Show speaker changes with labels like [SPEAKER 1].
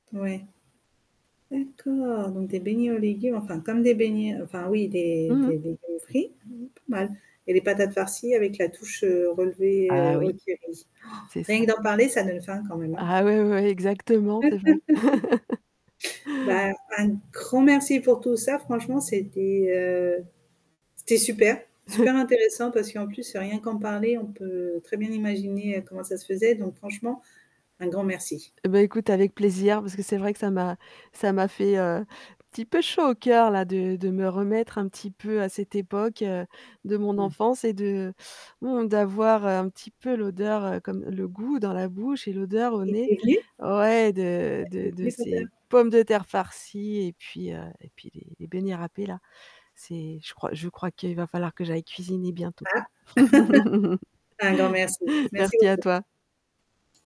[SPEAKER 1] Ouais, d'accord. Donc des beignets aux légumes, enfin comme des beignets, heu, enfin, oui, des
[SPEAKER 2] Mmh mh.
[SPEAKER 1] des légumes frits, mmh mh pas mal. Et les patates farcies avec la touche, heu, relevées,
[SPEAKER 2] Ah,
[SPEAKER 1] heu, au
[SPEAKER 2] oui,
[SPEAKER 1] curry.
[SPEAKER 2] c'est ça.
[SPEAKER 1] Rien que d'en parler, ça donne faim quand même, hein?
[SPEAKER 2] Ah, ouais, ouais, ouais, exactement, c'est vrai.
[SPEAKER 1] Bah, un grand merci pour tout ça. Franchement c'était, heu, c'était super, super intéressant parce qu'en plus rien qu'en parler, on peut très bien imaginer, heu, comment ça se faisait donc franchement un grand merci.
[SPEAKER 2] Eh, bah, écoute avec plaisir, parce que c'est vrai que ça m'a ça m'a fait, heu, un petit peu chaud au coeur, là, de de me remettre un petit peu à cette époque, heu, de mon
[SPEAKER 1] Mmh.
[SPEAKER 2] enfance et de mmh, d'avoir, heu, un petit peu l'odeur, heu, comme le goût dans la bouche et l'odeur au
[SPEAKER 1] Et
[SPEAKER 2] nez,
[SPEAKER 1] tu es liée?
[SPEAKER 2] ouais, de
[SPEAKER 1] Ouais, tu
[SPEAKER 2] de
[SPEAKER 1] es
[SPEAKER 2] de
[SPEAKER 1] liée
[SPEAKER 2] ces
[SPEAKER 1] totalement.
[SPEAKER 2] pommes de terre farcies et puis, heu et puis les les beignets râpés, là. C'est je crois je crois qu'il va falloir que j'aille cuisiner bientôt.
[SPEAKER 1] Ah? Un grand merci. Merci
[SPEAKER 2] Merci à
[SPEAKER 1] beaucoup.
[SPEAKER 2] toi.